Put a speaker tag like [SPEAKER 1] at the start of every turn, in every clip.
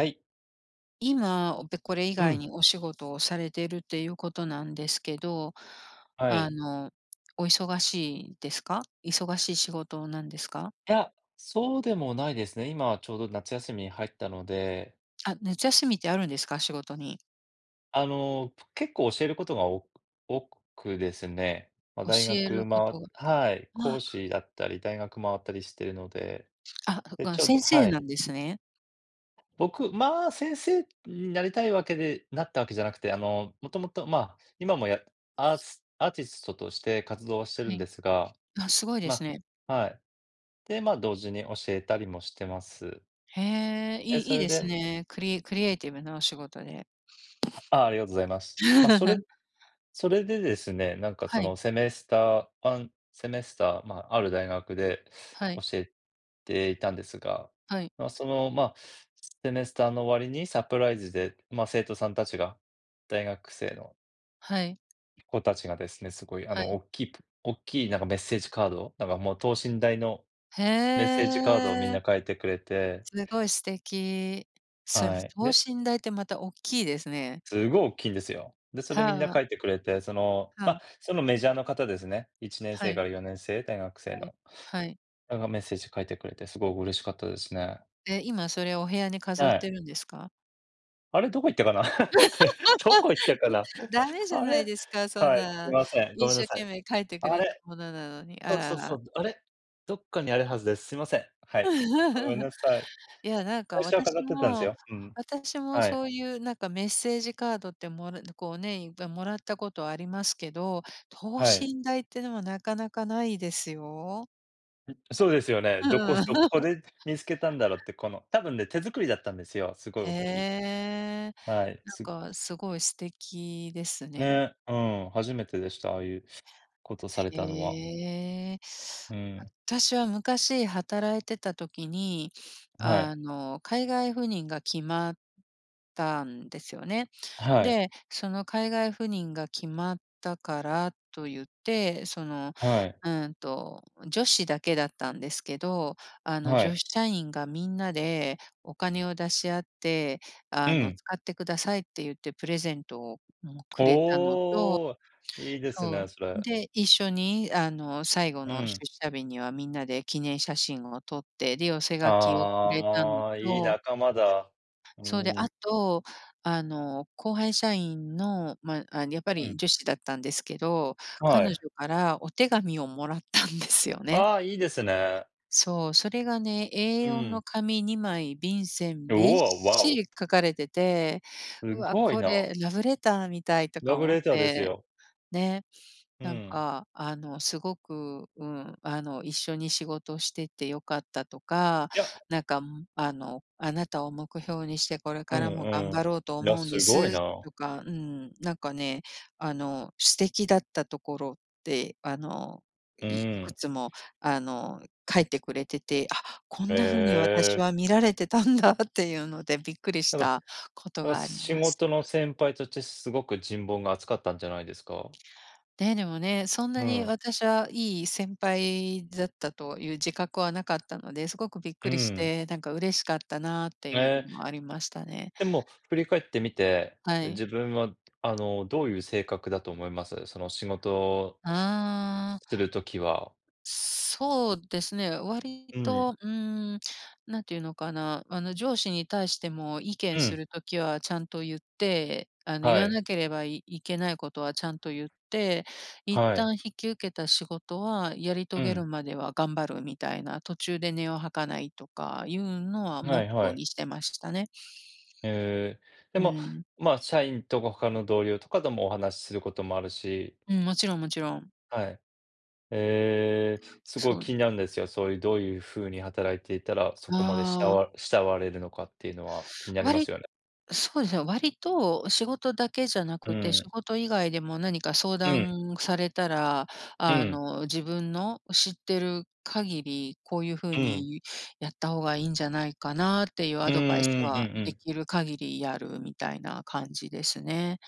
[SPEAKER 1] はい。
[SPEAKER 2] 今、おてこれ以
[SPEAKER 1] う
[SPEAKER 2] 外
[SPEAKER 1] ん。
[SPEAKER 2] にお仕事をされてるっていうことなんですけど、
[SPEAKER 1] は
[SPEAKER 2] あ
[SPEAKER 1] い。
[SPEAKER 2] の、お忙しいですか？忙しい仕事なんですか？
[SPEAKER 1] いや、そうでもないですね。今はちょうど夏休みに入ったので。
[SPEAKER 2] あ、夏休みってあるんですか？仕事に。
[SPEAKER 1] あの、結構教えることが、お多くですね、ま、大
[SPEAKER 2] 教え
[SPEAKER 1] 学、
[SPEAKER 2] るこ
[SPEAKER 1] ま
[SPEAKER 2] と。
[SPEAKER 1] はい、講
[SPEAKER 2] わ。
[SPEAKER 1] 師やったり、大学周ったりしてるので、
[SPEAKER 2] あ、
[SPEAKER 1] で、
[SPEAKER 2] が
[SPEAKER 1] ちょっと
[SPEAKER 2] 先生
[SPEAKER 1] は
[SPEAKER 2] な
[SPEAKER 1] い。
[SPEAKER 2] んですね。
[SPEAKER 1] 僕、まあ、先生になりたいわけで、なったわけじゃなくて、あの、もともと、ま、今もやアーツアーティストとして活動はしてる
[SPEAKER 2] は
[SPEAKER 1] んで
[SPEAKER 2] い。
[SPEAKER 1] すが、
[SPEAKER 2] あ、すごいです
[SPEAKER 1] ま
[SPEAKER 2] ね。
[SPEAKER 1] はい。で、ま、同時に教えたりもしてます。
[SPEAKER 2] へえ、
[SPEAKER 1] え、
[SPEAKER 2] い
[SPEAKER 1] そ
[SPEAKER 2] いい
[SPEAKER 1] れ
[SPEAKER 2] です
[SPEAKER 1] で
[SPEAKER 2] ね、クリエクリエイティブなお仕事で。
[SPEAKER 1] ああ、ありがとうございます。ま、それ それでですね、なんか、
[SPEAKER 2] は
[SPEAKER 1] そ
[SPEAKER 2] い。
[SPEAKER 1] の、セメスター1セメスター、まあ、ある大学で
[SPEAKER 2] はい。
[SPEAKER 1] 教えていたんですが、
[SPEAKER 2] はい。
[SPEAKER 1] まあ、その、ま、セメスターの終わりにサプライズで、まあ、生徒さんたちが、大学生の
[SPEAKER 2] はい。
[SPEAKER 1] 子たちがですね、すごいあ
[SPEAKER 2] は
[SPEAKER 1] の、お
[SPEAKER 2] い。
[SPEAKER 1] っきいプおっきいなんかメッセージカード？なんかもう等身大の
[SPEAKER 2] へ
[SPEAKER 1] メッセージカードをみん
[SPEAKER 2] え。
[SPEAKER 1] な書いてくれて
[SPEAKER 2] すごい素敵。それ、
[SPEAKER 1] はい、
[SPEAKER 2] 等
[SPEAKER 1] で
[SPEAKER 2] 身大ってまた大っきいですね。
[SPEAKER 1] すごいおっきいんですよ。で、それみんな
[SPEAKER 2] はあ。
[SPEAKER 1] 書いてくれて、その、
[SPEAKER 2] は
[SPEAKER 1] ま、
[SPEAKER 2] あ。
[SPEAKER 1] そのメジャーの方ですね、いちねん
[SPEAKER 2] は
[SPEAKER 1] せいか
[SPEAKER 2] い。
[SPEAKER 1] ら4年生、大学生
[SPEAKER 2] はい、
[SPEAKER 1] の。
[SPEAKER 2] はい。
[SPEAKER 1] なんかメッセージ書いてくれてすごい嬉しかったですね。
[SPEAKER 2] え、今それお部屋に飾っ
[SPEAKER 1] はい。
[SPEAKER 2] てるんですか？
[SPEAKER 1] あれ、どこ行ったかな。どこ行ったかな。
[SPEAKER 2] 駄目 じゃ
[SPEAKER 1] あ
[SPEAKER 2] ない
[SPEAKER 1] れ、
[SPEAKER 2] ですか、そん
[SPEAKER 1] はい、すい
[SPEAKER 2] な
[SPEAKER 1] ません、ご
[SPEAKER 2] 一
[SPEAKER 1] めんな
[SPEAKER 2] 生
[SPEAKER 1] さい。
[SPEAKER 2] 懸命書いてく
[SPEAKER 1] あ
[SPEAKER 2] れた
[SPEAKER 1] れ、
[SPEAKER 2] ものなのに、あ
[SPEAKER 1] そうそ
[SPEAKER 2] ら
[SPEAKER 1] うそ
[SPEAKER 2] ら。
[SPEAKER 1] う、あれ、どっかにあるはずです。すいません、はい。ごめん なさい。
[SPEAKER 2] いや、なん
[SPEAKER 1] 最
[SPEAKER 2] か
[SPEAKER 1] 初は飾
[SPEAKER 2] 私
[SPEAKER 1] ってたんです
[SPEAKER 2] も
[SPEAKER 1] よ。うん。
[SPEAKER 2] 私も
[SPEAKER 1] はい。
[SPEAKER 2] そういうなんかメッセージカードってもらこうね、いっぱいもらったことありますけど、等
[SPEAKER 1] はい。
[SPEAKER 2] 身大ってのはなかなかないですよ。
[SPEAKER 1] うん、そうですよね。どこ
[SPEAKER 2] う
[SPEAKER 1] す
[SPEAKER 2] ん。
[SPEAKER 1] どこ で見つけたんだろって、この多分ね、手作りだったんですよ、すごい
[SPEAKER 2] へ
[SPEAKER 1] おっきい。
[SPEAKER 2] え、
[SPEAKER 1] はい、
[SPEAKER 2] なん
[SPEAKER 1] す
[SPEAKER 2] かすごい素敵ですね。
[SPEAKER 1] ね、うん、初めてでした。ああいうことされたのは。
[SPEAKER 2] へえ。
[SPEAKER 1] うー
[SPEAKER 2] あ
[SPEAKER 1] ん。
[SPEAKER 2] たしは昔働いてた時に、
[SPEAKER 1] は
[SPEAKER 2] あ
[SPEAKER 1] い。
[SPEAKER 2] の、海外赴任が決まったんですよね。
[SPEAKER 1] はい。
[SPEAKER 2] で、その海外赴任が決まったからとゆって、その、
[SPEAKER 1] はい。
[SPEAKER 2] うんと、女子だけだったんですけど、あの
[SPEAKER 1] は
[SPEAKER 2] 女
[SPEAKER 1] い。
[SPEAKER 2] 子社員がみんなでお金を出し合って、
[SPEAKER 1] う
[SPEAKER 2] あの
[SPEAKER 1] ん。
[SPEAKER 2] 「使ってください」って言ってプレゼントを、うん、くれたのと、
[SPEAKER 1] おお、いいです
[SPEAKER 2] そ
[SPEAKER 1] ね、
[SPEAKER 2] う、
[SPEAKER 1] それ。
[SPEAKER 2] で、一緒に、あの、最後
[SPEAKER 1] う
[SPEAKER 2] の出
[SPEAKER 1] ん。
[SPEAKER 2] 社日にはみんなで記念写真を撮って、で、寄せ書きをくれたの
[SPEAKER 1] ああ、いい
[SPEAKER 2] と
[SPEAKER 1] 仲間だ。う
[SPEAKER 2] そう、で、
[SPEAKER 1] ー
[SPEAKER 2] あ
[SPEAKER 1] ん。
[SPEAKER 2] と、あの、後輩社員の、まあ、あんやっぱ
[SPEAKER 1] う
[SPEAKER 2] り
[SPEAKER 1] ん。
[SPEAKER 2] 女子だったんですけど、彼
[SPEAKER 1] は
[SPEAKER 2] 女
[SPEAKER 1] い。
[SPEAKER 2] からお手紙をもらったんですよね。
[SPEAKER 1] ああ、いいですね。
[SPEAKER 2] そう、それがね、エー
[SPEAKER 1] う
[SPEAKER 2] よん
[SPEAKER 1] ん。
[SPEAKER 2] の紙2枚、便箋
[SPEAKER 1] う
[SPEAKER 2] びっ
[SPEAKER 1] お、あ、わ
[SPEAKER 2] し
[SPEAKER 1] お。
[SPEAKER 2] り書かれてて、
[SPEAKER 1] す
[SPEAKER 2] うわ、
[SPEAKER 1] ごい
[SPEAKER 2] こ
[SPEAKER 1] な。
[SPEAKER 2] れラブレターみたいと
[SPEAKER 1] ラ
[SPEAKER 2] か
[SPEAKER 1] ブ
[SPEAKER 2] 思っ
[SPEAKER 1] レターです
[SPEAKER 2] て
[SPEAKER 1] よ。
[SPEAKER 2] ね、
[SPEAKER 1] う
[SPEAKER 2] なん
[SPEAKER 1] ん。
[SPEAKER 2] か、あの、すごく、うん、あの、一緒に仕事しててよかったとか、
[SPEAKER 1] や
[SPEAKER 2] なんか、んあの、あなたを目標にしてこれ
[SPEAKER 1] うん
[SPEAKER 2] からも頑
[SPEAKER 1] う
[SPEAKER 2] 張ろうと
[SPEAKER 1] ん。いや、
[SPEAKER 2] 思うんで
[SPEAKER 1] すごい
[SPEAKER 2] す
[SPEAKER 1] な。
[SPEAKER 2] とか、うん、なんかね、あの素敵だったところって、あの、
[SPEAKER 1] う
[SPEAKER 2] いい
[SPEAKER 1] ー
[SPEAKER 2] く
[SPEAKER 1] ん。
[SPEAKER 2] つもあの書いてくれてて、あ、こんなふうに
[SPEAKER 1] へ
[SPEAKER 2] 私
[SPEAKER 1] え。
[SPEAKER 2] は見られてたんだっていうのでびっくりし
[SPEAKER 1] なんか
[SPEAKER 2] たこと
[SPEAKER 1] なんか
[SPEAKER 2] があり
[SPEAKER 1] 仕
[SPEAKER 2] ます。
[SPEAKER 1] 事の先輩としてすごく人望が厚かったんじゃないんですか？
[SPEAKER 2] ね、でもね、そん
[SPEAKER 1] う
[SPEAKER 2] なに
[SPEAKER 1] ん。
[SPEAKER 2] 私はいい先輩だったという自覚はなかったので、すごくびっく
[SPEAKER 1] う
[SPEAKER 2] りし
[SPEAKER 1] ん。
[SPEAKER 2] て、なんか嬉しかったなあって
[SPEAKER 1] え
[SPEAKER 2] いう
[SPEAKER 1] え。
[SPEAKER 2] のもありましたね。
[SPEAKER 1] でも振り返ってみて、
[SPEAKER 2] はい。
[SPEAKER 1] 自分は、あの、どういう性格だと思います？その仕事す
[SPEAKER 2] ああ。
[SPEAKER 1] する時は。
[SPEAKER 2] そうですね、割
[SPEAKER 1] うん。
[SPEAKER 2] と、うん、なんていうのかな、あの上司に対しても意
[SPEAKER 1] う
[SPEAKER 2] 見す
[SPEAKER 1] ん。
[SPEAKER 2] る時はちゃんと言って、あの言
[SPEAKER 1] は
[SPEAKER 2] わ
[SPEAKER 1] い。
[SPEAKER 2] なければ、いいけないことはちゃんと言って、一
[SPEAKER 1] はい。
[SPEAKER 2] 旦引き受けた仕事はやり
[SPEAKER 1] う
[SPEAKER 2] 遂げ
[SPEAKER 1] ん。
[SPEAKER 2] るまでは頑張るみたいな、途中で音を吐かないとかいうのはモ
[SPEAKER 1] は
[SPEAKER 2] ッ
[SPEAKER 1] い
[SPEAKER 2] ト
[SPEAKER 1] は
[SPEAKER 2] ー
[SPEAKER 1] い。
[SPEAKER 2] にしてましたね。
[SPEAKER 1] へえ。で
[SPEAKER 2] う
[SPEAKER 1] も、
[SPEAKER 2] ん。
[SPEAKER 1] ま、社員とか他の同僚とかともお話しすることもあるし
[SPEAKER 2] うん、もちろんもちろん。
[SPEAKER 1] はい。ええ、すごい
[SPEAKER 2] そ
[SPEAKER 1] 気
[SPEAKER 2] り
[SPEAKER 1] になるんですよ。そういう、どういうふうに働いていたら、そこまで、慕
[SPEAKER 2] ああ。
[SPEAKER 1] わ慕われるのかっていうのは気になり
[SPEAKER 2] わ
[SPEAKER 1] ます
[SPEAKER 2] り
[SPEAKER 1] よね。
[SPEAKER 2] そうですね、割と仕事だけじゃな
[SPEAKER 1] う
[SPEAKER 2] くて、仕
[SPEAKER 1] ん。
[SPEAKER 2] 事以外でも何か相
[SPEAKER 1] うん。
[SPEAKER 2] 談されたら、
[SPEAKER 1] う
[SPEAKER 2] あ
[SPEAKER 1] ん。
[SPEAKER 2] の、自分の知ってる限り、こういうふう
[SPEAKER 1] うん。
[SPEAKER 2] にやった方がいんじゃないかなっていう
[SPEAKER 1] う
[SPEAKER 2] ア
[SPEAKER 1] ー
[SPEAKER 2] ドバイス
[SPEAKER 1] ん、う
[SPEAKER 2] は
[SPEAKER 1] んう
[SPEAKER 2] で
[SPEAKER 1] ん。
[SPEAKER 2] きる限りやるみたいな感じですね。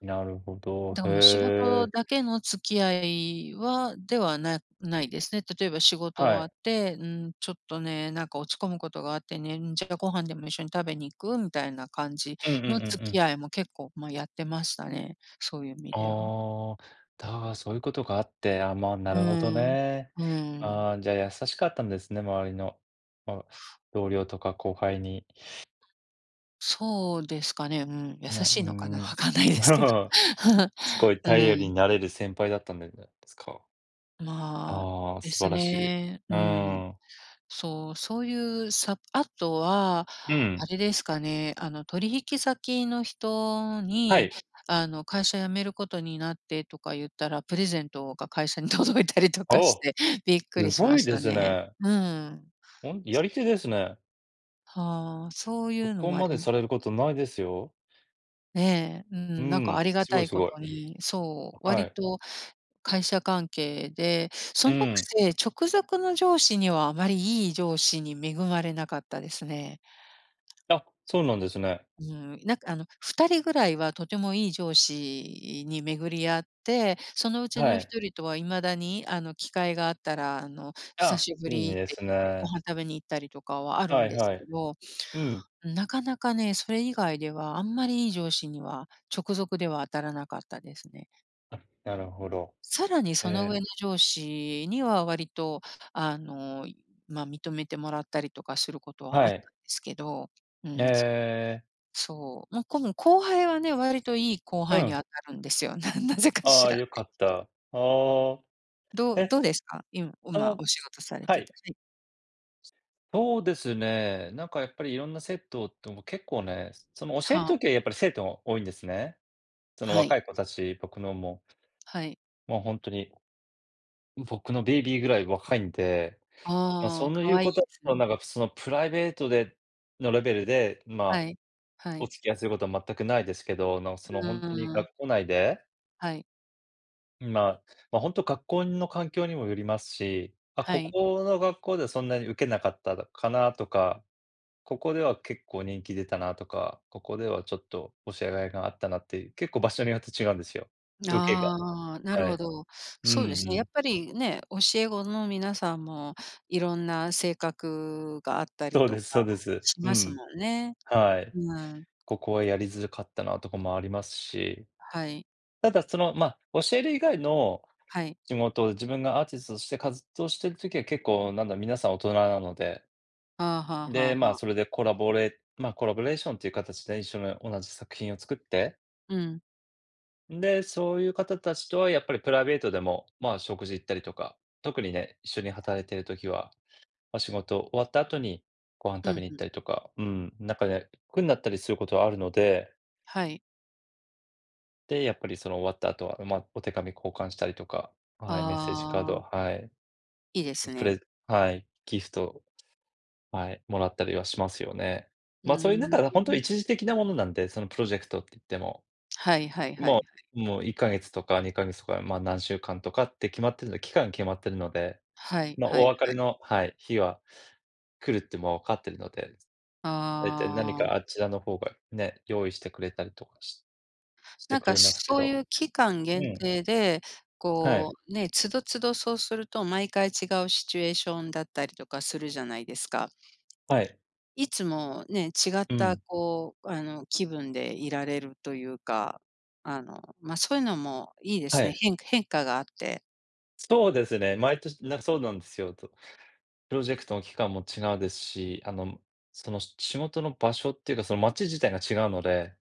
[SPEAKER 1] なるほど。
[SPEAKER 2] どうも仕事
[SPEAKER 1] へえ。
[SPEAKER 2] だけの付き合いはではなないですね。例えば仕事
[SPEAKER 1] は
[SPEAKER 2] 終わっ
[SPEAKER 1] い。
[SPEAKER 2] て、うん、ちょっとね、なんか落ち込むことがあってね、ん、じゃあご飯でも一緒に食べに行く？みたいな感じ
[SPEAKER 1] うんうんうんう
[SPEAKER 2] の付き
[SPEAKER 1] ん。
[SPEAKER 2] 合いも結構、ま、やってましたね、そういう意味では。
[SPEAKER 1] ああ。だがそういうことがあって、あ、まな
[SPEAKER 2] う
[SPEAKER 1] るほど
[SPEAKER 2] ーん、う
[SPEAKER 1] ね。
[SPEAKER 2] ーん。
[SPEAKER 1] ああ、じゃあ優しかったんですね、周りの、あ同僚とか後輩に。
[SPEAKER 2] そうですかね、うん、優
[SPEAKER 1] ね、う
[SPEAKER 2] し
[SPEAKER 1] ー
[SPEAKER 2] いのかな、
[SPEAKER 1] ん。
[SPEAKER 2] 分かんないですけど、
[SPEAKER 1] すごい
[SPEAKER 2] う
[SPEAKER 1] 頼
[SPEAKER 2] ー
[SPEAKER 1] り
[SPEAKER 2] ん。
[SPEAKER 1] になれる先輩だったんじゃないんですか？
[SPEAKER 2] まあ、
[SPEAKER 1] ああ、
[SPEAKER 2] で
[SPEAKER 1] 素
[SPEAKER 2] す
[SPEAKER 1] 晴らしい。
[SPEAKER 2] ね。
[SPEAKER 1] う
[SPEAKER 2] うん、
[SPEAKER 1] ーん。
[SPEAKER 2] そう、そういうさ、あとは、
[SPEAKER 1] う
[SPEAKER 2] あ
[SPEAKER 1] ん。
[SPEAKER 2] れですかね、あの、取引先の人
[SPEAKER 1] は
[SPEAKER 2] に、
[SPEAKER 1] い。
[SPEAKER 2] あの、会社辞めることになってとか言ったら、プレゼントが会社に届いたりとかし
[SPEAKER 1] お、
[SPEAKER 2] てびっく
[SPEAKER 1] す
[SPEAKER 2] りし
[SPEAKER 1] ご
[SPEAKER 2] ま
[SPEAKER 1] い
[SPEAKER 2] し
[SPEAKER 1] で
[SPEAKER 2] た
[SPEAKER 1] す
[SPEAKER 2] ね。
[SPEAKER 1] ね。
[SPEAKER 2] うん。
[SPEAKER 1] ほんやり手ですね。
[SPEAKER 2] は、そういうの
[SPEAKER 1] 録音
[SPEAKER 2] もあ
[SPEAKER 1] まで
[SPEAKER 2] り。
[SPEAKER 1] されることないですよ。
[SPEAKER 2] ねえ、う
[SPEAKER 1] う
[SPEAKER 2] ん、なんかあ
[SPEAKER 1] ん、
[SPEAKER 2] りが
[SPEAKER 1] すご
[SPEAKER 2] た
[SPEAKER 1] い、
[SPEAKER 2] い
[SPEAKER 1] す
[SPEAKER 2] こ
[SPEAKER 1] ごい。
[SPEAKER 2] とに、そう、
[SPEAKER 1] は
[SPEAKER 2] 割
[SPEAKER 1] い。
[SPEAKER 2] と会社関係で、そ
[SPEAKER 1] う
[SPEAKER 2] のく
[SPEAKER 1] ん。
[SPEAKER 2] せ、直属の上司にはあまりいい上司に恵まれなかったですね。
[SPEAKER 1] あ、そうなんですね。
[SPEAKER 2] うん、なんかあの2人ぐらいはとてもいい上司に巡り合って、そのうち
[SPEAKER 1] は
[SPEAKER 2] のひ
[SPEAKER 1] い。
[SPEAKER 2] とりとは今だにあの機会があったら、あの「久
[SPEAKER 1] あ、
[SPEAKER 2] しぶ
[SPEAKER 1] いい
[SPEAKER 2] り」っ
[SPEAKER 1] で
[SPEAKER 2] て
[SPEAKER 1] す
[SPEAKER 2] 言ってご
[SPEAKER 1] ね。
[SPEAKER 2] 飯食べに行ったりとかはある
[SPEAKER 1] は
[SPEAKER 2] ん
[SPEAKER 1] い
[SPEAKER 2] です
[SPEAKER 1] は
[SPEAKER 2] け
[SPEAKER 1] い。
[SPEAKER 2] ど、
[SPEAKER 1] うん。
[SPEAKER 2] ん、なかなかね、それ以外ではあんまりいい上司には直属では当たらなかったですね。
[SPEAKER 1] あ、なるほど。
[SPEAKER 2] さらにその上
[SPEAKER 1] ええ。
[SPEAKER 2] の上司には割とあの、ま、認めてもらったりとかすることは
[SPEAKER 1] は
[SPEAKER 2] あった
[SPEAKER 1] い。
[SPEAKER 2] んですけど、う
[SPEAKER 1] え
[SPEAKER 2] ん、そういう
[SPEAKER 1] え。
[SPEAKER 2] そう。もうこの後輩はね、割といい後
[SPEAKER 1] う
[SPEAKER 2] 輩に
[SPEAKER 1] ん。
[SPEAKER 2] あたるんですよ。ななぜか
[SPEAKER 1] あ
[SPEAKER 2] し
[SPEAKER 1] あ、
[SPEAKER 2] ら。
[SPEAKER 1] 良かった。ああ。
[SPEAKER 2] どう
[SPEAKER 1] え、
[SPEAKER 2] どうですか？いんう
[SPEAKER 1] そ
[SPEAKER 2] ま、
[SPEAKER 1] の
[SPEAKER 2] お仕事され
[SPEAKER 1] は
[SPEAKER 2] て
[SPEAKER 1] い。
[SPEAKER 2] て、はい。
[SPEAKER 1] そうですね、なんかやっぱり色んな生徒っとも、結構ね、その、教える
[SPEAKER 2] はあ。
[SPEAKER 1] 時はやっぱり生徒多いんですね。その、
[SPEAKER 2] はい。
[SPEAKER 1] 若い子たち、僕のも。
[SPEAKER 2] はい。
[SPEAKER 1] もうほんとに、僕のベイビーぐらい若いんで。ま、
[SPEAKER 2] あ
[SPEAKER 1] そ
[SPEAKER 2] あ、
[SPEAKER 1] ん
[SPEAKER 2] 可
[SPEAKER 1] いう
[SPEAKER 2] 愛い
[SPEAKER 1] こ
[SPEAKER 2] で
[SPEAKER 1] と
[SPEAKER 2] す
[SPEAKER 1] と
[SPEAKER 2] ね。
[SPEAKER 1] なんかその、プライベートでのレベルで、ま
[SPEAKER 2] は
[SPEAKER 1] あ、
[SPEAKER 2] い、は
[SPEAKER 1] お
[SPEAKER 2] い。
[SPEAKER 1] 付き合いすることは全くないですけど、あの、そ
[SPEAKER 2] う
[SPEAKER 1] の、ほんとに
[SPEAKER 2] ーん。
[SPEAKER 1] 学校内で
[SPEAKER 2] はい。
[SPEAKER 1] まあ、本当、学校の環境にもよりますし。まあ、
[SPEAKER 2] は
[SPEAKER 1] こ
[SPEAKER 2] い。
[SPEAKER 1] この学校では、そんなにウケなかったかなあとか、ここでは結構、人気出たなあとか、ここではちょっと、教え甲斐があったなっていう。結構場所によって違うんですよ。ウケが、
[SPEAKER 2] あーあ、な
[SPEAKER 1] え
[SPEAKER 2] るほ
[SPEAKER 1] え。
[SPEAKER 2] ど。
[SPEAKER 1] う
[SPEAKER 2] そう
[SPEAKER 1] ん
[SPEAKER 2] です
[SPEAKER 1] う
[SPEAKER 2] ね。やっ
[SPEAKER 1] ん。
[SPEAKER 2] ぱりね、教え子の皆さんも、いろんな性格があったり
[SPEAKER 1] そう
[SPEAKER 2] と
[SPEAKER 1] で
[SPEAKER 2] か
[SPEAKER 1] すそうです。
[SPEAKER 2] し
[SPEAKER 1] う
[SPEAKER 2] ます
[SPEAKER 1] ん。
[SPEAKER 2] もんね。
[SPEAKER 1] はい。
[SPEAKER 2] うん。
[SPEAKER 1] ここはやりづらかったなとかもありますし。
[SPEAKER 2] はい。
[SPEAKER 1] ただ、その、ま、教える以外の、
[SPEAKER 2] はい。
[SPEAKER 1] 地元自分がアーティストとして活動してる時は結構、なんだ、皆さん大人なので。
[SPEAKER 2] はあはあは
[SPEAKER 1] で、
[SPEAKER 2] あ
[SPEAKER 1] まあ、
[SPEAKER 2] はあ。
[SPEAKER 1] それでコラボレま、コラボレーションという形でね、一緒に同じ作品を作って。
[SPEAKER 2] うん。
[SPEAKER 1] で、そういう方達とはやっぱり、プライベートでも、まあ、食事行ったりとか。特にね、一緒に
[SPEAKER 2] は
[SPEAKER 1] 働い
[SPEAKER 2] い。
[SPEAKER 1] ている時は、まあ、仕事終わった後に、ご飯
[SPEAKER 2] う
[SPEAKER 1] 食べ
[SPEAKER 2] ん
[SPEAKER 1] に行
[SPEAKER 2] う
[SPEAKER 1] っ
[SPEAKER 2] ん。
[SPEAKER 1] たりとか。うん。なんかね、くんなったりすることはあるので。
[SPEAKER 2] はい。
[SPEAKER 1] で、やっぱりその終わった後は、まあ、お手紙交換したりとか、はい、メッセージカード、
[SPEAKER 2] ああ。
[SPEAKER 1] はい、ん、
[SPEAKER 2] いいです
[SPEAKER 1] プ
[SPEAKER 2] ね。
[SPEAKER 1] レはい、ギフト、はい、もらったりはしますよね。
[SPEAKER 2] う
[SPEAKER 1] まあ、そういう中
[SPEAKER 2] ー
[SPEAKER 1] で、ほんとに
[SPEAKER 2] ん。
[SPEAKER 1] 一時的なものなんで。そのプロジェクトっていっても。
[SPEAKER 2] はいはいはいは
[SPEAKER 1] もう
[SPEAKER 2] い。
[SPEAKER 1] もう1か月とか2か月とか、まあ、何週間とかって決まってるので期間が決まってるので。
[SPEAKER 2] はい
[SPEAKER 1] まあ、
[SPEAKER 2] は
[SPEAKER 1] お
[SPEAKER 2] い
[SPEAKER 1] 別
[SPEAKER 2] は
[SPEAKER 1] れ
[SPEAKER 2] い。
[SPEAKER 1] のはい、日は来るってもうわかってるので、大体、何
[SPEAKER 2] ああ。
[SPEAKER 1] かあちらの方が、ね、用意してくれたりとかしして
[SPEAKER 2] なん
[SPEAKER 1] く
[SPEAKER 2] か、
[SPEAKER 1] れますけ
[SPEAKER 2] そうい
[SPEAKER 1] ど。
[SPEAKER 2] う期間
[SPEAKER 1] う
[SPEAKER 2] 限
[SPEAKER 1] ん。
[SPEAKER 2] 定で、
[SPEAKER 1] はい。
[SPEAKER 2] こう、ね、都度、都度そうすると、毎回違うシチュエーションだったりとかするじゃないですか。
[SPEAKER 1] はい。
[SPEAKER 2] いつもね、違っ
[SPEAKER 1] う
[SPEAKER 2] た、
[SPEAKER 1] ん。
[SPEAKER 2] こう、あの、気分でいられるというか。あの、まあ、そういうのもいいで
[SPEAKER 1] は
[SPEAKER 2] すね。
[SPEAKER 1] い。
[SPEAKER 2] 変変化があって。
[SPEAKER 1] そうですね、毎年なんかそうなんですよ。と、プロジェクトの期間も違うですし、あの、その仕事の場所っていうかその街自体が違うので。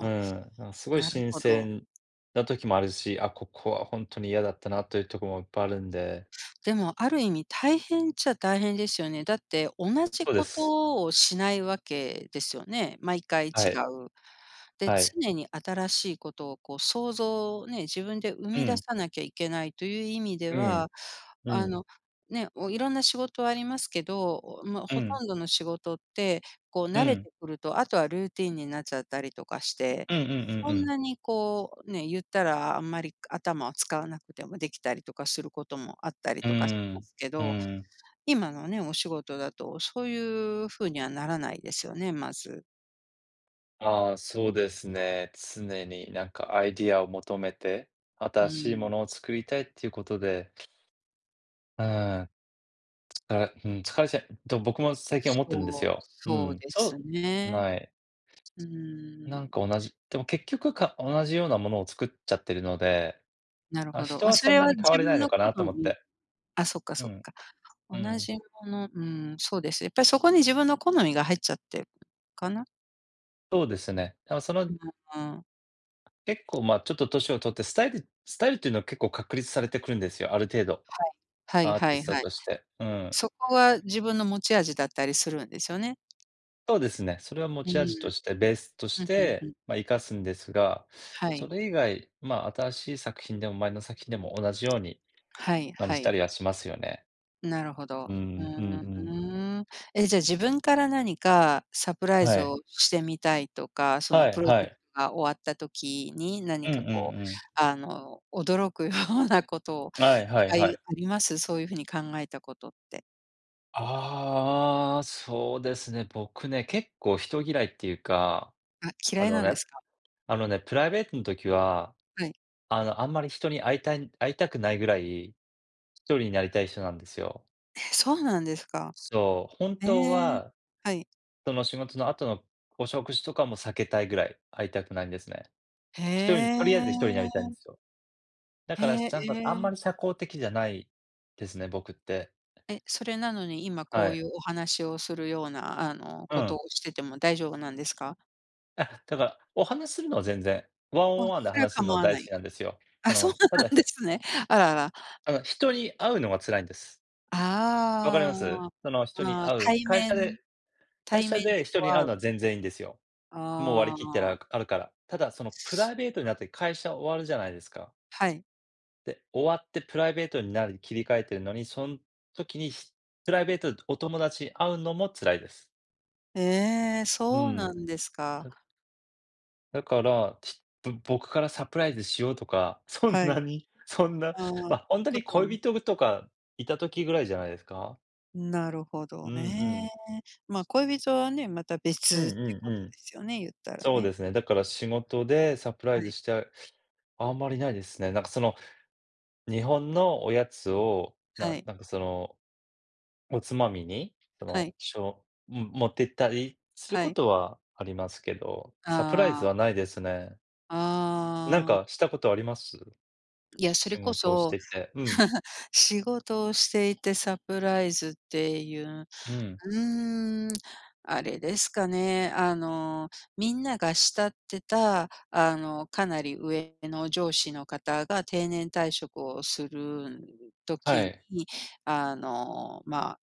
[SPEAKER 1] う
[SPEAKER 2] あ、
[SPEAKER 1] ん、なんすごい
[SPEAKER 2] なる
[SPEAKER 1] 新
[SPEAKER 2] ほど。
[SPEAKER 1] 鮮な時もあるし、あ、ここはほんとに嫌だったなというとこもいっぱいあるんで。
[SPEAKER 2] でもある意味大変っちゃ大変ですよね。だって同じ
[SPEAKER 1] そうで
[SPEAKER 2] こ
[SPEAKER 1] す。
[SPEAKER 2] とをしないわけですよね？毎回違
[SPEAKER 1] はい。
[SPEAKER 2] う。で、
[SPEAKER 1] はい。
[SPEAKER 2] 常に新しいことをこう、創造をね、自分で生
[SPEAKER 1] う
[SPEAKER 2] み出
[SPEAKER 1] ん。
[SPEAKER 2] さなきゃいけないという意味で
[SPEAKER 1] う
[SPEAKER 2] は、
[SPEAKER 1] ん、う
[SPEAKER 2] あ
[SPEAKER 1] ん。
[SPEAKER 2] の、ね、おいろんな仕事ありますけど、まあ、
[SPEAKER 1] う
[SPEAKER 2] ほ
[SPEAKER 1] ん。
[SPEAKER 2] とんどの仕事ってこう
[SPEAKER 1] う
[SPEAKER 2] 慣れ
[SPEAKER 1] ん。
[SPEAKER 2] てくると、あとはルーティンになっちゃったりとかして、
[SPEAKER 1] うんうんうん
[SPEAKER 2] そ
[SPEAKER 1] う
[SPEAKER 2] ん
[SPEAKER 1] ん。
[SPEAKER 2] なにこう、ね、言ったらあんまり頭を使わなくてもできたりとかすることもあったり
[SPEAKER 1] う
[SPEAKER 2] とかし
[SPEAKER 1] ー
[SPEAKER 2] ま
[SPEAKER 1] ん、
[SPEAKER 2] すけ
[SPEAKER 1] う
[SPEAKER 2] ど、
[SPEAKER 1] ーん。
[SPEAKER 2] 今のね、お仕事だとそういう風にはならないですよね、まず。
[SPEAKER 1] ああ、そうですね、常になんかアイディアを求めて、
[SPEAKER 2] う
[SPEAKER 1] 新しいも
[SPEAKER 2] ん。
[SPEAKER 1] のを作りたいっていうことで。うーん。からうん、疲れちゃうと僕も最近思ってるんです
[SPEAKER 2] そう、
[SPEAKER 1] よ。う
[SPEAKER 2] そう
[SPEAKER 1] ん。
[SPEAKER 2] です
[SPEAKER 1] そう、
[SPEAKER 2] ね。
[SPEAKER 1] はい。
[SPEAKER 2] う
[SPEAKER 1] な
[SPEAKER 2] ん。
[SPEAKER 1] んか同じでも結局、か同じようなものを作っちゃってるので、
[SPEAKER 2] なる
[SPEAKER 1] まあ、
[SPEAKER 2] ほど。
[SPEAKER 1] 人
[SPEAKER 2] ま、
[SPEAKER 1] は
[SPEAKER 2] そ
[SPEAKER 1] そん
[SPEAKER 2] れ
[SPEAKER 1] な
[SPEAKER 2] は
[SPEAKER 1] に変わ
[SPEAKER 2] 自
[SPEAKER 1] れない
[SPEAKER 2] 分
[SPEAKER 1] の
[SPEAKER 2] の
[SPEAKER 1] か
[SPEAKER 2] 好
[SPEAKER 1] なと思っ
[SPEAKER 2] み。
[SPEAKER 1] て。
[SPEAKER 2] あ、そっか、
[SPEAKER 1] う
[SPEAKER 2] そっ
[SPEAKER 1] ん、
[SPEAKER 2] か。
[SPEAKER 1] う
[SPEAKER 2] 同
[SPEAKER 1] ん。
[SPEAKER 2] じもの、うんそうです。やっぱりそこに自分の好みが入っちゃってるかな？
[SPEAKER 1] そうですね。でも、その
[SPEAKER 2] う、うーん。
[SPEAKER 1] 結構、ま、ちょっと年を取って、スタイルスタイルっていうのは結構確立されてくるんですよ、ある程度。
[SPEAKER 2] はい、は
[SPEAKER 1] アーティ
[SPEAKER 2] いは
[SPEAKER 1] ス
[SPEAKER 2] い
[SPEAKER 1] ト
[SPEAKER 2] はい。
[SPEAKER 1] として、うん。
[SPEAKER 2] そこは自分の持ち味だったりするんですよね。
[SPEAKER 1] そうですね、それは持
[SPEAKER 2] う
[SPEAKER 1] ち
[SPEAKER 2] ん。
[SPEAKER 1] 味としてベースとし
[SPEAKER 2] ふんふんふ
[SPEAKER 1] て、
[SPEAKER 2] ん。
[SPEAKER 1] まあ、活かすんですが、
[SPEAKER 2] は
[SPEAKER 1] そ
[SPEAKER 2] い。
[SPEAKER 1] れ以外、まあ、新しい作品でも前の作品でも同じように、
[SPEAKER 2] はい
[SPEAKER 1] 感
[SPEAKER 2] は
[SPEAKER 1] じた
[SPEAKER 2] い。
[SPEAKER 1] りはしますよね。
[SPEAKER 2] なるほ
[SPEAKER 1] う
[SPEAKER 2] ど。ふ
[SPEAKER 1] ん、うんうん。
[SPEAKER 2] ーん。え、じゃあ自分から何かサプライズ
[SPEAKER 1] はい。
[SPEAKER 2] をしてみたいとか、その
[SPEAKER 1] は
[SPEAKER 2] プ
[SPEAKER 1] い
[SPEAKER 2] ロ
[SPEAKER 1] は
[SPEAKER 2] ジェク
[SPEAKER 1] い。
[SPEAKER 2] トが終わった時に
[SPEAKER 1] う
[SPEAKER 2] 何
[SPEAKER 1] んう
[SPEAKER 2] か
[SPEAKER 1] ん
[SPEAKER 2] こう、
[SPEAKER 1] うん。
[SPEAKER 2] あの、驚くようなことを
[SPEAKER 1] はいは
[SPEAKER 2] と
[SPEAKER 1] い
[SPEAKER 2] かい
[SPEAKER 1] は
[SPEAKER 2] う
[SPEAKER 1] い。
[SPEAKER 2] あります？そういう風に考えたことって。
[SPEAKER 1] ああ、そうですね、僕ね、結構人嫌いっていうか、
[SPEAKER 2] あ、
[SPEAKER 1] あ
[SPEAKER 2] 嫌い
[SPEAKER 1] の
[SPEAKER 2] なん
[SPEAKER 1] ね、
[SPEAKER 2] ですか？
[SPEAKER 1] あのね、プライベートん時は、
[SPEAKER 2] はい。
[SPEAKER 1] あの、あんまり人に会いたい会いたくないぐらい、独りになりたい人なんですよ。
[SPEAKER 2] え、そうなんですか？
[SPEAKER 1] そう、本
[SPEAKER 2] え
[SPEAKER 1] 当
[SPEAKER 2] え、
[SPEAKER 1] は、
[SPEAKER 2] はい。
[SPEAKER 1] その仕事の後のお食事とかも避けたいぐらい、会いたくないんですね。独りに、
[SPEAKER 2] へ
[SPEAKER 1] とりあえず独りになりたい
[SPEAKER 2] え。
[SPEAKER 1] んですよ。だ
[SPEAKER 2] へ
[SPEAKER 1] からし、
[SPEAKER 2] え、
[SPEAKER 1] ちゃんがあん
[SPEAKER 2] え
[SPEAKER 1] ま
[SPEAKER 2] え。
[SPEAKER 1] り社交的じゃないですね、僕って。
[SPEAKER 2] え、それなのに、今
[SPEAKER 1] は
[SPEAKER 2] こうい
[SPEAKER 1] い。
[SPEAKER 2] うお話をするような、あの、
[SPEAKER 1] う
[SPEAKER 2] こと
[SPEAKER 1] ん。
[SPEAKER 2] をしてても大丈夫なんですか？
[SPEAKER 1] え、だから、お話するのは全然、ワン
[SPEAKER 2] あ、
[SPEAKER 1] オンワンで
[SPEAKER 2] それは
[SPEAKER 1] 話すの
[SPEAKER 2] 構
[SPEAKER 1] は
[SPEAKER 2] わ
[SPEAKER 1] 大
[SPEAKER 2] な
[SPEAKER 1] 好き
[SPEAKER 2] い。
[SPEAKER 1] なんですよ。
[SPEAKER 2] あ、
[SPEAKER 1] あ
[SPEAKER 2] そう
[SPEAKER 1] の、た
[SPEAKER 2] な
[SPEAKER 1] だ。
[SPEAKER 2] んですね。あらあら。
[SPEAKER 1] あの、人に会うのが辛いんです。分かり
[SPEAKER 2] あ
[SPEAKER 1] ます？その、人
[SPEAKER 2] あ、
[SPEAKER 1] に
[SPEAKER 2] あ、
[SPEAKER 1] 会う、
[SPEAKER 2] 対
[SPEAKER 1] 会社で、
[SPEAKER 2] 面、
[SPEAKER 1] 会
[SPEAKER 2] 対
[SPEAKER 1] 社
[SPEAKER 2] 面
[SPEAKER 1] で
[SPEAKER 2] で
[SPEAKER 1] 人
[SPEAKER 2] こう
[SPEAKER 1] に
[SPEAKER 2] 会
[SPEAKER 1] 会う
[SPEAKER 2] う。
[SPEAKER 1] のは全然いいんですよ。もう割り
[SPEAKER 2] あ
[SPEAKER 1] 切ってあ
[SPEAKER 2] あ。
[SPEAKER 1] るから。ただそのプライベートになって会社終わるじゃないですか。
[SPEAKER 2] はい。
[SPEAKER 1] で、終わってプライベートになるに切り替えているのに、そん時にプライベートでお友達に会うのも辛いです。
[SPEAKER 2] ええ、
[SPEAKER 1] う
[SPEAKER 2] そう
[SPEAKER 1] ん、
[SPEAKER 2] なんですか。
[SPEAKER 1] ただから、ちっと僕からサプライズしようとか、そん
[SPEAKER 2] はい。
[SPEAKER 1] なに、そんな、
[SPEAKER 2] ああ、こ
[SPEAKER 1] まあ、本当に
[SPEAKER 2] とは。
[SPEAKER 1] 恋人とかいた時ぐらいじゃないですか。
[SPEAKER 2] なるほ
[SPEAKER 1] う
[SPEAKER 2] ど
[SPEAKER 1] んう
[SPEAKER 2] ね、
[SPEAKER 1] ん。
[SPEAKER 2] まあ、恋人はね、また別
[SPEAKER 1] うん
[SPEAKER 2] っていう
[SPEAKER 1] うん
[SPEAKER 2] こ
[SPEAKER 1] う
[SPEAKER 2] とで
[SPEAKER 1] ん。
[SPEAKER 2] すよね、言ったら
[SPEAKER 1] そう
[SPEAKER 2] ね。
[SPEAKER 1] ですね、だから仕事でサプラ
[SPEAKER 2] は
[SPEAKER 1] イズ
[SPEAKER 2] い。
[SPEAKER 1] して、あんまりないですね。なんかその、日本のおやつ
[SPEAKER 2] い、
[SPEAKER 1] を、
[SPEAKER 2] は
[SPEAKER 1] な
[SPEAKER 2] い。
[SPEAKER 1] なんかその。おつまみに、そ
[SPEAKER 2] は
[SPEAKER 1] の、
[SPEAKER 2] い。
[SPEAKER 1] しょ持ってったりする
[SPEAKER 2] は
[SPEAKER 1] こ
[SPEAKER 2] い。
[SPEAKER 1] とはありますけど、サプライ
[SPEAKER 2] あ
[SPEAKER 1] ズ
[SPEAKER 2] あ。
[SPEAKER 1] はないですね。なん
[SPEAKER 2] ああ。
[SPEAKER 1] かしたことあります？
[SPEAKER 2] いや、それ
[SPEAKER 1] 仕
[SPEAKER 2] こ
[SPEAKER 1] 事をし
[SPEAKER 2] そ。
[SPEAKER 1] てて。うん。
[SPEAKER 2] 仕事をしていてサプライズっていう、
[SPEAKER 1] うん。
[SPEAKER 2] うーん、あれですかね、あのみんなが慕ってたあの、かなり上の上司の方が定年退職をするん
[SPEAKER 1] は
[SPEAKER 2] 時
[SPEAKER 1] い。
[SPEAKER 2] に、あの、まあ、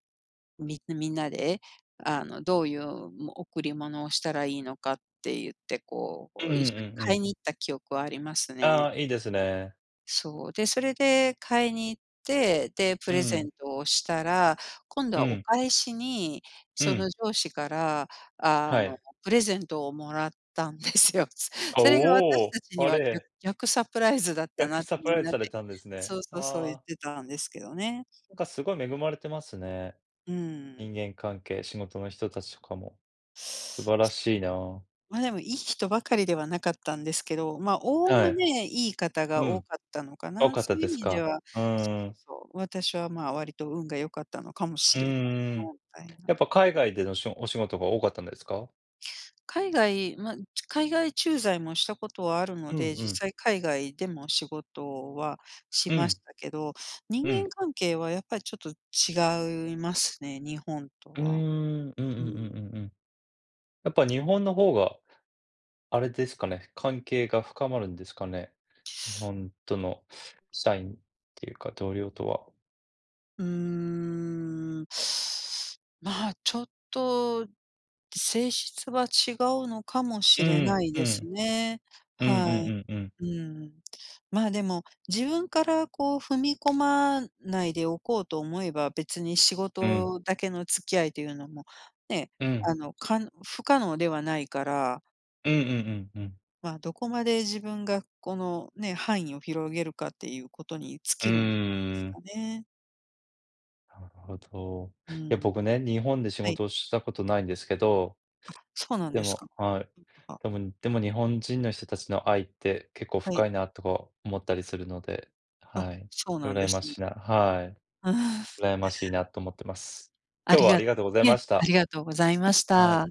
[SPEAKER 2] みみんなであの、どういう、も贈り物をしたらいいのかって言って、こうこ
[SPEAKER 1] うんうん
[SPEAKER 2] う一
[SPEAKER 1] う
[SPEAKER 2] 緒に
[SPEAKER 1] んう
[SPEAKER 2] 買い
[SPEAKER 1] ん。
[SPEAKER 2] に行った記憶はあります
[SPEAKER 1] あ
[SPEAKER 2] ね。
[SPEAKER 1] あ、いいですね。
[SPEAKER 2] そう、で、それで買いに行って、で、プ
[SPEAKER 1] う
[SPEAKER 2] レゼ
[SPEAKER 1] ん。
[SPEAKER 2] ントをしたら、今度
[SPEAKER 1] う
[SPEAKER 2] はお
[SPEAKER 1] ん。
[SPEAKER 2] 返しに、
[SPEAKER 1] う
[SPEAKER 2] そ
[SPEAKER 1] ん。
[SPEAKER 2] の上司から、あ
[SPEAKER 1] は
[SPEAKER 2] の、
[SPEAKER 1] い。
[SPEAKER 2] プレゼントをもらったんですよ。
[SPEAKER 1] あ、
[SPEAKER 2] それが
[SPEAKER 1] お
[SPEAKER 2] 私
[SPEAKER 1] お、
[SPEAKER 2] たちに
[SPEAKER 1] あ
[SPEAKER 2] は、ぎゃ
[SPEAKER 1] れ。
[SPEAKER 2] 逆サプライズだった
[SPEAKER 1] 逆
[SPEAKER 2] なっ
[SPEAKER 1] サ
[SPEAKER 2] て、
[SPEAKER 1] プ
[SPEAKER 2] み
[SPEAKER 1] ラ
[SPEAKER 2] ん
[SPEAKER 1] イズ
[SPEAKER 2] な
[SPEAKER 1] さ
[SPEAKER 2] で。
[SPEAKER 1] れたんですね。
[SPEAKER 2] そうそうそう、言
[SPEAKER 1] あ
[SPEAKER 2] っ
[SPEAKER 1] あ。
[SPEAKER 2] てたんですけどね。
[SPEAKER 1] なんかすごい恵まれてますね。
[SPEAKER 2] うん。
[SPEAKER 1] 人間関係、仕事の人たちとかも。素晴らしいなあ。
[SPEAKER 2] ま、でもいい人ばかりではなかったんですけど、まあ、
[SPEAKER 1] は
[SPEAKER 2] 概
[SPEAKER 1] い。
[SPEAKER 2] ねいい方が
[SPEAKER 1] う
[SPEAKER 2] 多
[SPEAKER 1] ん、
[SPEAKER 2] かったのか
[SPEAKER 1] 多
[SPEAKER 2] な、
[SPEAKER 1] かっ
[SPEAKER 2] そ
[SPEAKER 1] た
[SPEAKER 2] ういう意
[SPEAKER 1] です
[SPEAKER 2] 味で
[SPEAKER 1] か？
[SPEAKER 2] は、
[SPEAKER 1] う
[SPEAKER 2] そう
[SPEAKER 1] ー
[SPEAKER 2] そう
[SPEAKER 1] ん。
[SPEAKER 2] そう、私は、まあ、割と運が良かったのかも
[SPEAKER 1] う
[SPEAKER 2] しれない
[SPEAKER 1] ー
[SPEAKER 2] な
[SPEAKER 1] ん、
[SPEAKER 2] みたいな。
[SPEAKER 1] やっぱ海外でのしお仕事が多かったんですか？
[SPEAKER 2] 海外ま、ち海外駐在もしたことはあるの
[SPEAKER 1] うん
[SPEAKER 2] で、
[SPEAKER 1] う
[SPEAKER 2] 実
[SPEAKER 1] ん。
[SPEAKER 2] 際海外でも仕事はし
[SPEAKER 1] う
[SPEAKER 2] ま
[SPEAKER 1] ん。
[SPEAKER 2] したけど、人
[SPEAKER 1] うん。
[SPEAKER 2] 間関係はやっぱりちょっと違いますね、日本と
[SPEAKER 1] うー
[SPEAKER 2] は。
[SPEAKER 1] ん、うんうんう
[SPEAKER 2] う
[SPEAKER 1] ん
[SPEAKER 2] ん。
[SPEAKER 1] うんうん。やっぱ日本の方があれですかね、関係が深まるんですかね。日本との、社員っていうか同僚とは。
[SPEAKER 2] うーん、まあ、ちょっと、性質は違うのかもし
[SPEAKER 1] う
[SPEAKER 2] れ
[SPEAKER 1] ん、
[SPEAKER 2] ない
[SPEAKER 1] う
[SPEAKER 2] です
[SPEAKER 1] ん。
[SPEAKER 2] ね。
[SPEAKER 1] うんう
[SPEAKER 2] はい。
[SPEAKER 1] んうんうん。
[SPEAKER 2] うん。まあ、でも、自分からこう踏み込まないでおこうと思えば、別に仕
[SPEAKER 1] うん。
[SPEAKER 2] 事だけの付き合いというのも、ね、
[SPEAKER 1] うん。
[SPEAKER 2] あの、か不可能ではないから。
[SPEAKER 1] うんうんうんうん。
[SPEAKER 2] まあ、どこまで自分がこのね、範囲を広げるかっていうことに尽
[SPEAKER 1] う
[SPEAKER 2] きるんじゃないです
[SPEAKER 1] ーん。
[SPEAKER 2] かね。
[SPEAKER 1] なるほど。
[SPEAKER 2] う
[SPEAKER 1] いや、
[SPEAKER 2] ん。
[SPEAKER 1] 僕ね、日本で仕
[SPEAKER 2] はい。
[SPEAKER 1] 事をしたことないんですけど
[SPEAKER 2] あ、そうなん
[SPEAKER 1] で
[SPEAKER 2] です
[SPEAKER 1] も
[SPEAKER 2] か。
[SPEAKER 1] はい。
[SPEAKER 2] うん。あは。
[SPEAKER 1] でもでも日本人の人たちの愛って結構
[SPEAKER 2] はい。
[SPEAKER 1] 深いなとか思ったりするので、
[SPEAKER 2] あ、
[SPEAKER 1] はい、
[SPEAKER 2] そうなんで
[SPEAKER 1] 羨ま
[SPEAKER 2] すね。
[SPEAKER 1] しいなはい。
[SPEAKER 2] うん。
[SPEAKER 1] 羨ましいなと思ってます。
[SPEAKER 2] あ
[SPEAKER 1] 今日
[SPEAKER 2] り
[SPEAKER 1] はあ
[SPEAKER 2] が
[SPEAKER 1] りが
[SPEAKER 2] と
[SPEAKER 1] とうござい
[SPEAKER 2] いえ、
[SPEAKER 1] まし
[SPEAKER 2] あ
[SPEAKER 1] た。
[SPEAKER 2] りがとうございまし
[SPEAKER 1] はい。
[SPEAKER 2] た。